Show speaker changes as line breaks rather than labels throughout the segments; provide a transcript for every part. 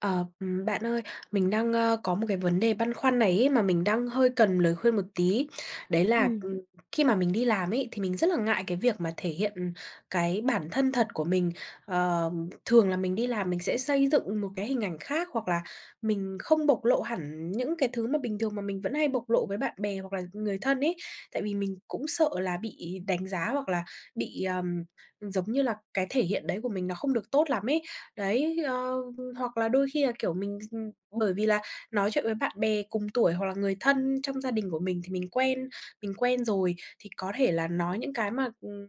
Ờ, ừm, bạn ơi mình đang, ơ, có một cái vấn đề băn khoăn này ấy mà mình đang hơi cần lời khuyên một tí. Đấy là,
Ừm.
ừm, khi mà mình đi làm ấy thì mình rất là ngại cái việc mà thể hiện, ừm, cái bản thân thật của mình. Ờm, thường là mình đi làm mình sẽ xây dựng một cái hình ảnh khác hoặc là mình không bộc lộ hẳn những cái thứ mà bình thường mà mình vẫn hay bộc lộ với bạn bè hoặc là người thân ấy, tại vì mình cũng sợ là bị đánh giá hoặc là bị, ờm, ừm, giống như là cái thể hiện đấy của mình nó không được tốt lắm ấy. Đấy, ơ, hoặc là đôi khi là kiểu, mình x ừm bởi vì là nói chuyện với bạn bè cùng tuổi hoặc là người thân trong gia đình của mình thì mình quen, mình quen rồi thì có thể là nói những cái mà, ừm,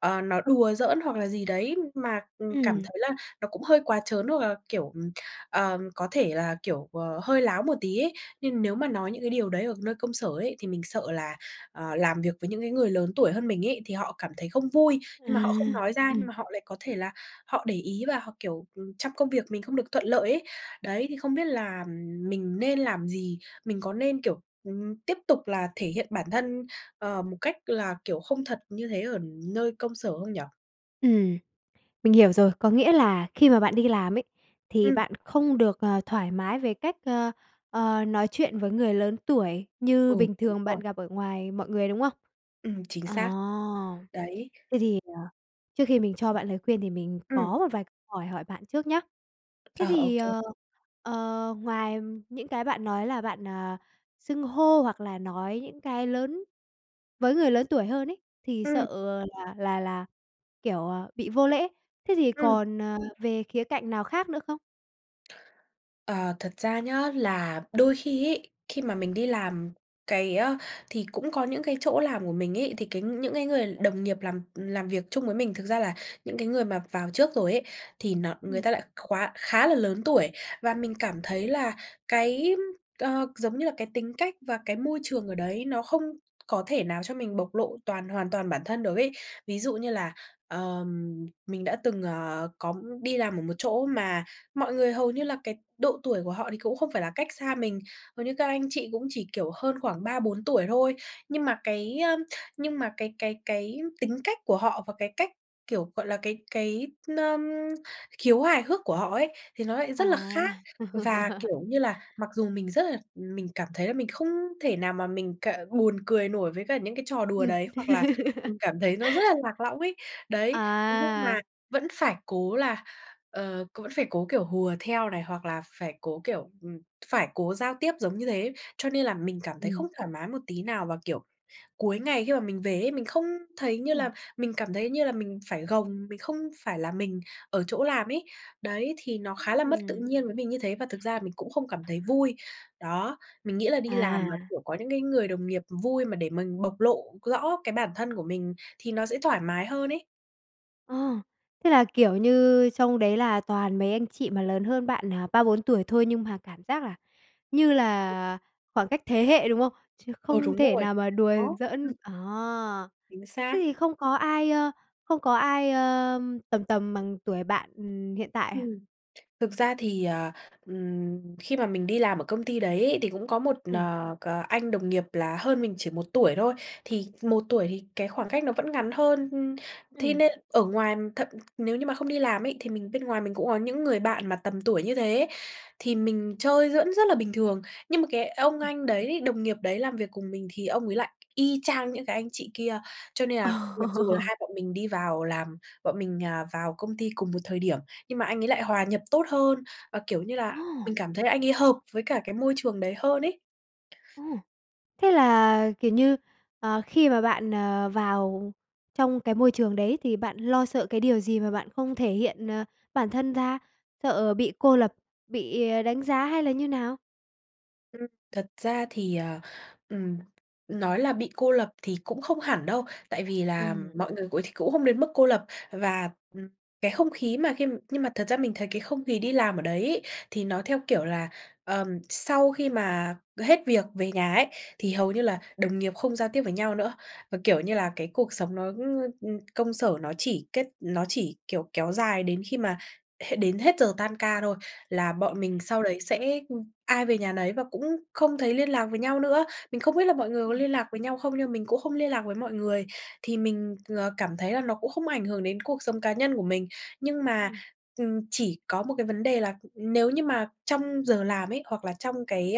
ờ, nó đùa giỡn hoặc là gì đấy mà, ừm, cảm
Ừm.
thấy là nó cũng hơi quá trớn, hoặc là, kiểu, ừm, ờ, có thể là, kiểu, ờ, hơi láo một tí ấy. Nhưng nếu mà nói những cái điều đấy ở nơi công sở ấy thì mình sợ là, ờ, làm việc với những cái người lớn tuổi hơn mình ấy, thì họ cảm thấy không vui,
À,
nhưng mà họ không nói ra nhưng
ừm.
mà họ lại có thể là họ để ý và họ, kiểu, ừm, trong công việc mình không được thuận lợi ấy. Đấy, thì không biết là mình nên làm gì? Mình có nên, kiểu, ừm, tiếp tục là thể hiện bản thân, ờ, một cách là, kiểu, không thật như thế ở nơi công sở không nhỉ?
Ừm. Mình hiểu rồi, có nghĩa là khi mà bạn đi làm ấy, thì
Ừm.
bạn không được, ờ, thoải mái về cách, ơ, ờ, nói chuyện với người lớn tuổi
Ừ,
như bình
đúng
thường
rồi.
bạn gặp ở ngoài mọi người, đúng không?
Ừm, chính
À.
xác. Đấy.
Thế thì, ờ, trước khi mình cho bạn lời khuyên thì mình
Ừm.
có vài câu hỏi hỏi bạn trước nhé. Thế
Ờ, ô
thì,
kê.
ờ, ờ, ngoài những cái bạn nói là bạn, à, xưng hô hoặc là nói những cái lớn với người lớn tuổi hơn ấy thì
Ừm.
sợ, ờ, là là là, kiểu, à, bị vô lễ, thế thì
Ừm.
còn, ờ, về khía cạnh nào khác nữa không?
Ờ, thật ra nhá là đôi khi ấy, khi mà mình đi làm cái, ơ thì cũng có những cái chỗ làm của mình ấy, thì cái những cái người đồng nghiệp làm, ừm, làm việc chung với mình thực ra là những cái người mà vào trước rồi ấy, thì nó
Ừm.
người ta lại khóa khá là lớn tuổi. Và mình cảm thấy là cái, ờ, giống như là cái tính cách và cái môi trường ở đấy nó không có thể nào cho mình bộc lộ toàn hoàn toàn bản thân được ấy. Ví dụ như là, ờm, mình đã từng, ờ, có đi làm ở một chỗ mà mọi người hầu như là cái độ tuổi của họ thì cũng không phải là cách xa mình, hầu như các anh chị cũng chỉ, kiểu, hơn khoảng 3-4 tuổi thôi, nhưng mà cái, ơ, nhưng mà cái cái cái tính cách của họ và cái cách, kiểu, gọi là, cái cái, n ơm, khiếu hài hước của họ ấy thì nó lại
À.
rất là khác. Và, kiểu như là, mặc dù mình rất là mình cảm thấy là mình không thể nào mà mình cờ buồn cười nổi với cả những cái trò đùa
Ừm.
đấy, hoặc là mình cảm thấy nó rất là lạc lõng ấy, đấy, thế nhưng mà
À.
vẫn phải cố là, ờ, cố vẫn phải cố, kiểu, hùa theo này, hoặc là phải cố, kiểu, ừm, phải cố giao tiếp giống như thế. Cho nên là mình cảm thấy không
Ừm.
thoải mái một tí nào, và, kiểu, cuối ngày khi mà mình về ấy mình không thấy như là,
Ừm.
mình cảm thấy như là mình phải gồng, mình không phải là mình ở chỗ làm ấy. Đấy, thì nó khá là mất tự
Ừm.
nhiên với mình như thế và thực ra là mình cũng không cảm thấy vui. Đó, mình nghĩ là đi làm mà,
À.
kiểu, có những người đồng nghiệp vui mà để mình bộc lộ rõ cái bản thân của mình thì nó sẽ thoải mái hơn ấy.
Ờ. Thế là, kiểu, như trong đấy là toàn mấy anh chị mà lớn hơn bạn, à, 3-4 tuổi thôi nhưng mà cảm giác là như là khoảng cách thế hệ, đúng không? Chứ
Ờ,
không
đúng
thể
rồi.
nào mà đùa
Đó. Ừm.
giỡn. À.
Chính
Thế
xác.
thì không có ai, ơ, không có ai, ờm, tầm tầm bằng tuổi bạn, ừm, hiện tại à?
Ừm, thực ra thì, à, ừm, khi mà mình đi làm ở công ty đấy ấy thì cũng có một,
Ừm.
nờ, cờ anh đồng nghiệp là hơn mình chỉ 1 tuổi thôi, thì 1 tuổi thì cái khoảng cách nó vẫn ngắn hơn, ưm, thế
Ừm.
nên ở ngoài thật nếu như mà không đi làm ấy thì mình bên ngoài mình cũng ó những người bạn mà tầm tuổi như thế, thì mình chơi giỡn rất là bình thường. Nhưng mà cái ông
Ừm.
anh đấy đồng nghiệp đấy làm việc cùng mình, thì ông ấy lại y chang những cái anh chị kia. Cho nên là mặc dù là
Ồ.
hai bọn mình đi vào làm bọn mình, ờ, vào công ty cùng một thời điểm, nhưng mà anh ấy lại hòa nhập tốt hơn, ờ, kiểu như là,
Ôi!
mình cảm thấy là anh ấy hợp với cả cái môi trường đấy hơn ấy.
Ôi! Thế là, kiểu như, ờ, khi mà bạn, ờ, vào trong cái môi trường đấy thì bạn lo sợ cái điều gì mà bạn không thể hiện, ờ, bản thân ra? Sợ bị cô lập, bị, à, đánh giá hay là như nào?
Ừm. Thật ra thì, ờ, ừm, nói là bị cô lập thì cũng không hẳn đâu, tại vì là
Ừm.
mọi người cũ th cũng không đến mức cô lập và, ừm, cái không khí mà khi nhưng mà thật ra mình thấy cái không khí đi làm ở đấy ấy thì nó theo kiểu là, ờm, sau khi mà hết việc về nhà ấy thì hầu như là đồng nghiệp không giao tiếp với nhau nữa. Và, kiểu như là, cái cuộc sống nó, ừm, công sở nó chỉ kết nó chỉ, kiểu, kéo dài đến khi mà hết, đến hết giờ tan ca thôi là bọn mình sau đấy sẽ, ưm, ai về nhà nấy và cũng không thấy liên lạc với nhau nữa. Mình không biết là mọi người có
Ừm.
liên lạc với nhau không nhưng mình cũng không liên lạc với mọi người, thì mình, ờ, cảm thấy là nó cũng không ảnh hưởng đến cuộc sống cá nhân của mình. Nhưng mà,
Ừm.
ừm, chỉ có một cái vấn đề là nếu như mà trong giờ làm ấy, hoặc là trong cái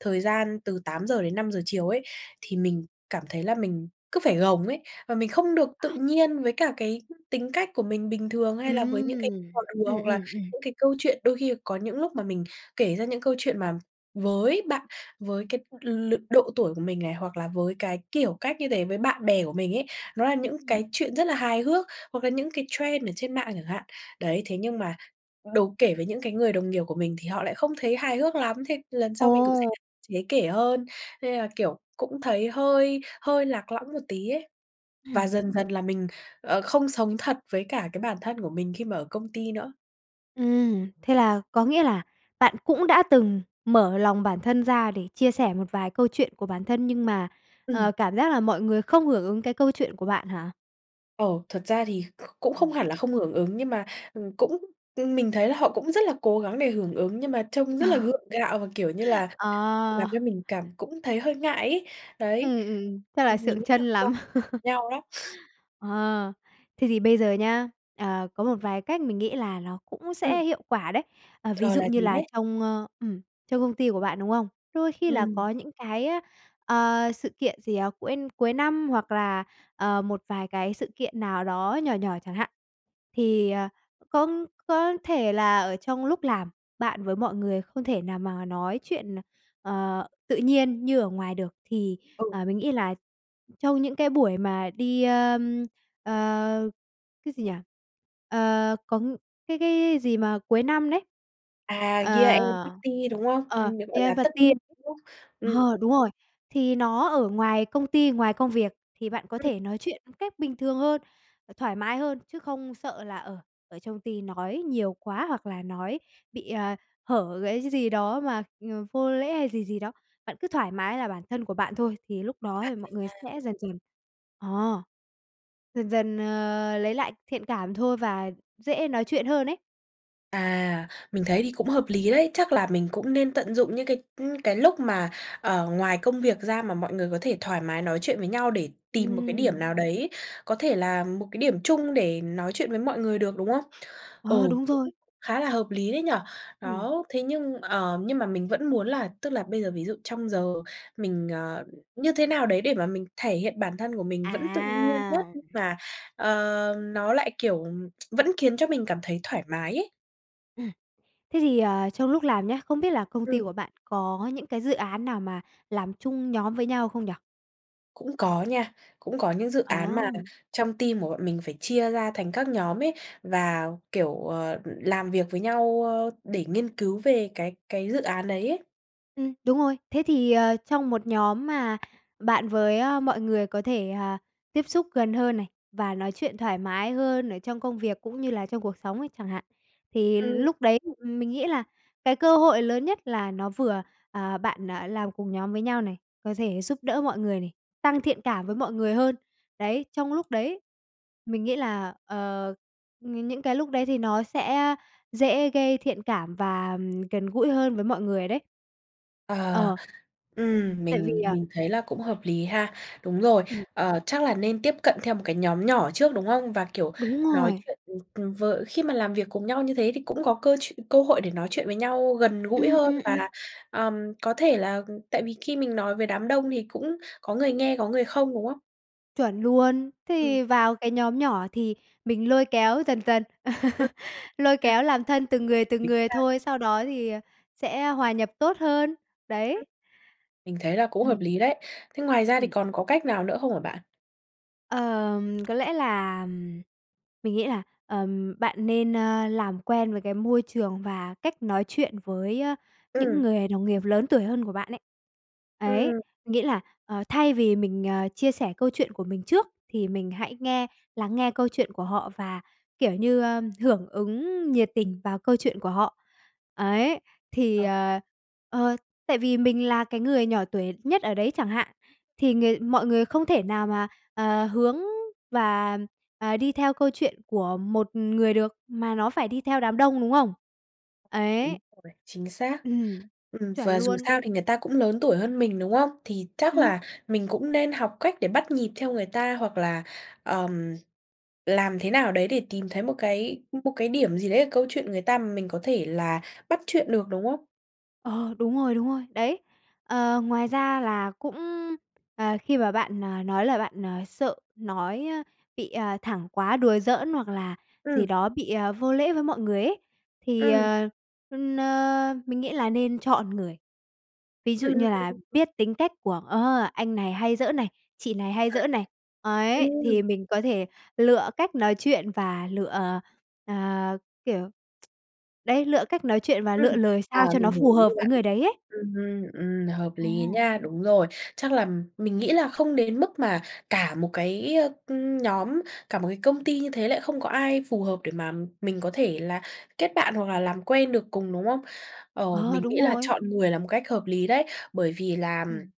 thời gian từ 8:00 đến 5:00 chiều ấy thì mình cảm thấy là mình cứ phải gồng ấy, và mình không được tự nhiên với cả cái tính cách của mình bình thường, hay là với những cái
Ừm.
hoạt động vừa
Ừm,
hoặc là
ừm, ừm.
những cái câu chuyện. Đôi khi có những lúc mà mình kể ra những câu chuyện mà với bạn với cái l lưa độ tuổi của mình này, hoặc là với cái kiểu cách như thế với bạn bè của mình ấy nó là những
Ừm.
cái chuyện rất là hài hước, hoặc là những cái trend ở trên mạng chẳng hạn. Đấy, thế nhưng mà đố kể với những cái người đồng nghiệp của mình thì họ lại không thấy hài hước lắm, thế lần sau mình cũng sẽ
Ồ!
hạn chế kể hơn. Nên là, kiểu cũng thấy hơi hơi lạc lõng một tí ấy
Hừm.
và dần dần là mình, ờ, không sống thật với cả cái bản thân của mình khi mà ở công ty nữa.
Ừm, thế là có nghĩa là bạn cũng đã từng mở lòng bản thân ra để chia sẻ một vài câu chuyện của bản thân nhưng mà,
Ừm.
ờ, cảm giác là mọi người không hưởng ứng cái câu chuyện của bạn hả?
Ờ, thật ra thì cũng không hẳn
Ừm.
là không hưởng ứng nhưng mà, ừm, cũng ừm, mình thấy là họ cũng rất là cố gắng để hưởng ứng nhưng mà trông rất là
Ờ.
gượng gạo và, kiểu như là, làm
Ờ.
cho mình cảm cũng thấy hơi ngại ấy. Đấy,
Ừm, ừm, chắc là
ừm, mình
sượng
nghĩ là
trân
do
lắm.
nhau đấy.
Ờ. Thế thì bây giờ nhé, ờ, có một vài cách mình nghĩ là ló cũng
Ừm.
sẽ hiệu quả đấy. Ờ, ví
Ờ,
dụ
là
như
gì
là
thế?
trong, ơ ừm, trong công ty của bạn, đúng không? Đôi khi là
Ừm.
có những cái, a, ờ, sự kiện gì, à, cuôi cuối năm hoặc là, ờ, một vài cái sự kiện nào đó nhỏ nhỏ chẳng hạn. Thì, ờ, cũng c có thể là ở trong lúc làm bạn với mọi người không thể nào mà nói chuyện, à, ờ, tự nhiên như ở ngoài được, thì,
Ừ.
ờ, mình nghĩ là trong những cái buổi mà đi, ơm, ờ, cái gì nhỉ? Ờ, công cái cái gì mà cuối năm đấy?
À, Year End
Ờ.
Party, đúng không?
Ờ,
Ừm, được gọi
Year
là
End
Tất
Party
niên,
ấy.
đúng không? Ừm.
Ờ, đúng rồi. Thì nó ở ngoài công ty, ngoài công việc thì bạn có
Ừm.
thể nói chuyện, ừm, cách bình thường hơn, ờ, thoải mái hơn. Chứ không sợ là, ờ, ở trong ty nói nhiều quá, hoặc là nói bị, à, hở gãy cái gì đó mà, ừm, vô lễ hay gì gì đó, bạn cứ thoải mái là bản thân của bạn thôi thì lúc đó
À,
mọi
vậy
người
ha.
sẽ dần dần ờ, dần dần, ờ, lấy lại thiện cảm thôi và dễ nói chuyện hơn ấy.
À, mình thấy thì cũng hợp lý đấy. Chắc là mình cũng nên tận dụng những cái, ừm, cái lúc mà, ờ, ngoài công việc ra mà mọi người có thể thoải mái nói chuyện với nhau, để tìm một cái điểm
Ừm.
nào đấy, có thể là một cái điểm chung để nói chuyện với mọi người được, đúng không? Ừ,
Ờ, đúng rồi.
cũng khá là hợp lý đấy nhỉ.
Ừm.
Đó, thế nhưng, ờ, nhưng mà mình vẫn muốn là tức là bây giờ ví dụ trong giờ mình, ờ, như thế nào đấy để mà mình thể hiện bản thân của mình vẫn tự nhiên nhất,
À.
nhưng mà, ờ, nó lại, kiểu, vẫn khiến cho mình cảm thấy thoải mái ấy?
Ừm. Thế thì, à, trong lúc làm nhé, không biết là công ty
Ừm.
của bạn có những cái dự án nào mà làm chung nhóm với nhau không nhỉ?
Cũng có nha, cũng có những dự án mà
Ờm.
trong team của bọn mình phải chia ra thành các nhóm ấy, và, kiểu, ờ, làm việc với nhau, ơ, để nghiên cứu về cái cái dự án đấy ấy.
Ừm, đúng rồi. Thế thì, ờ, trong một nhóm mà bạn với, a, mọi người có thể, à, tiếp xúc gần hơn này và nói chuyện thoải mái hơn ở trong công việc, cũng như là trong cuộc sống ấy chẳng hạn, thì
Ừm.
lúc đấy thì mình nghĩ là cái cơ hội lớn nhất là nó vừa à, bạn, à, làm cùng nhóm với nhau này có thể giúp đỡ mọi người này, tăng thiện cảm với mọi người hơn, đấy, trong lúc đấy. Mình nghĩ là, ờ, ng những cái lúc đấy thì nó sẽ dễ gây thiện cảm và, ờm, gần gũi hơn với mọi người đấy.
Ờ,
Ờ.
ừm,
Tại vì,
mình
à
mình thấy là cũng hợp lý ha. Đúng rồi,
Ừm.
ờ, chắc là nên tiếp cận theo một cái nhóm nhỏ trước, đúng không? Và, kiều,
Đúng
nói
rồi.
chuyện, ừm, ừm, với khi mà làm việc cùng nhau như thế thì cũng có cơ chuyện cơ hội để nói chuyện với nhau gần gũi
Ừm,
hơn,
ừm, ừm.
và, ờm, có thể là tại vì khi mình nói với đám đông thì cũng có người nghe có người không, đúng không?
Chuẩn luôn, thế
Ừm.
thì vào cái nhóm nhỏ thì mình lôi kéo dần dần,
Ừm.
lôi
Thế à?
kéo làm thân từng người từng
Tính
người
ra
thôi sau đó thì, à, sẽ hòa nhập tốt hơn. Đấy.
Mình thấy là cũng hợp
Ừm.
lý đấy. Thế ngoài ra thì
Ừm.
còn có cách nào nữa không hả bạn?
Ờm, có lẽ là mình nghĩ là, ờm, bạn nên, ơ, làm quen với cái môi trường và cách nói chuyện với, ơ, những
Ừm.
người đồng nghiệp lớn tuổi hơn của bạn ấy. Ấy,
Ừm.
nghĩa là, ờ, thay vì mình, ờ, chia sẻ câu chuyện của mình trước thì mình hãy nghe lắng nghe câu chuyện của họ, và, kiểu như, ơ, hưởng ứng nhiệt tình vào câu chuyện của họ. Ấy, thì,
Ờ.
ờ ờ, tại vì mình là cái người nhỏ tuổi nhất ở đấy chẳng hạn, thì người mọi người không thể nào mà, ờ, hướng và, ờ, đi theo câu chuyện của một người được, mà nó phải đi theo đám đông, đúng không?
Đúng
Ấy.
rồi, chính xác.
Ừm,
Ừm,
chuẩn
và dù
luôn.
sao thì người ta cũng lớn tuổi hơn mình, đúng không? Thì chắc
Ừm.
là mình cũng nên học cách để bắt nhịp theo người ta, hoặc là, ờm, làm thế nào đấy để tìm thấy một cái một cái điểm gì đấy ở câu chuyện người ta mà mình có thể là bắt chuyện được, đúng không?
Ờ, đúng rồi, đúng rồi, đấy. Ờ, ngoài ra là cũng, ờ, khi mà bạn, ờ, nói là bạn, ờ, sợ nói, ơ, bị, ờ, thẳng quá, đùa giỡn hoặc là gì
Ừm.
đó bị, ờ, vô lễ với mọi người ấy, thì,
Ừm.
ờ, ưm, na, mình nghĩ là nên chọn người. Ví dụ
Ừm, ừm,
như là
ừm.
biết tính cách của, ờ, anh này hay giỡn này, chị này hay giỡn này. Ấy,
Ừm.
thì mình có thể lựa cách nói chuyện và lựa, ờ, à, kiểu, đấy, lựa cách nói chuyện và lựa
Ừm.
lời
Ờ,
sao cho
mình
nó
hiều
phù
ý
hợp
của
với
bạn.
người đấy ấy.
Ừm hưm, ừm, hợp lý á
À.
nha, đúng rồi. Chắc là mình nghĩ là không đến mức mà cả một cái, ơ, ừm, nhóm, cả một công ty như thế lại không có ai phù hợp để mà mình có thể là kết bạn hoặc là làm quen được cùng, đúng không? Ờ,
Ờ,
mình nghĩ
đúng
là
rồi.
chọn người là một cách hợp lý đấy. Bởi vì làm
Ừm.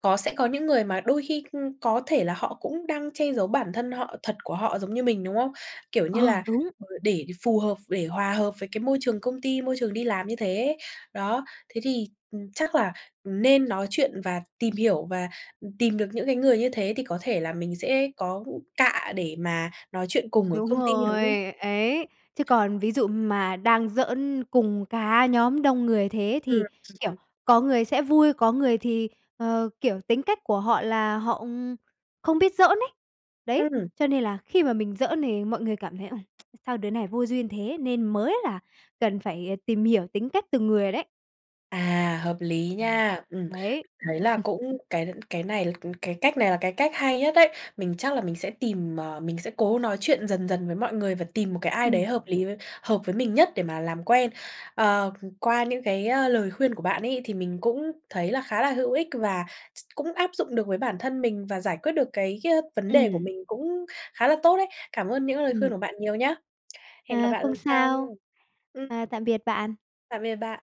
có sẽ có những người mà đôi khi, ưm, có thể là họ cũng đang che giấu bản thân họ thật của họ giống như mình, đúng không? Kiểu như
Ờ,
là,
đúng.
vừa để phù hợp, để hòa hợp với cái môi trường công ty, môi trường đi làm như thế. Đó, thế thì, ừm, chắc là, ừm, nên nói chuyện và tìm hiểu và, ừm, tìm được những cái người như thế thì có thể là mình sẽ có cạ để mà nói chuyện cùng ở
Đúng
công ty, đúng
rồi,
không?
ấy. Chứ còn ví dụ mà đang giỡn cùng cả nhóm đông người thế
Ừm.
thì,
Ừm,
kiểu,
ừm.
có người sẽ vui, có người thì, ờ, kiểu, tính cách của họ là họ, ừm, không biết giỡn ấy. Đấy,
Ừm.
cho nên là khi mà mình giỡn thì mọi người cảm thấy, ừm, "sao đứa này vô duyên thế", nên mới là cần phải tìm hiểu tính cách từng người đấy.
À, hợp lý
Ừm.
nha, ừm,
Đấy.
mình thấy là cũng cái cái này, ừm, cái cách này là cái cách hay nhất đấy. Mình chắc là mình sẽ tìm, ờ, mình sẽ cố nói chuyện dần dần với mọi người và tìm một cái ai
Ừm.
đấy hợp lý với hợp với mình nhất để mà làm quen. Ờ, ừm, qua những cái, a, lời khuyên của bạn ấy, thì mình cũng thấy là khá là hữu ích, và x cũng áp dụng được với bản thân mình và giải quyết được cái, ơ, vấn đề của
Ừm.
mình cũng khá là tốt đấy. Cảm ơn những lời khuyên
Ừm.
của bạn nhiều nhé! Hẹn gặp
À,
bạn
không
lần sau nha.
sao.
Ừm.
À, tạm biệt bạn.
Tạm biệt bạn.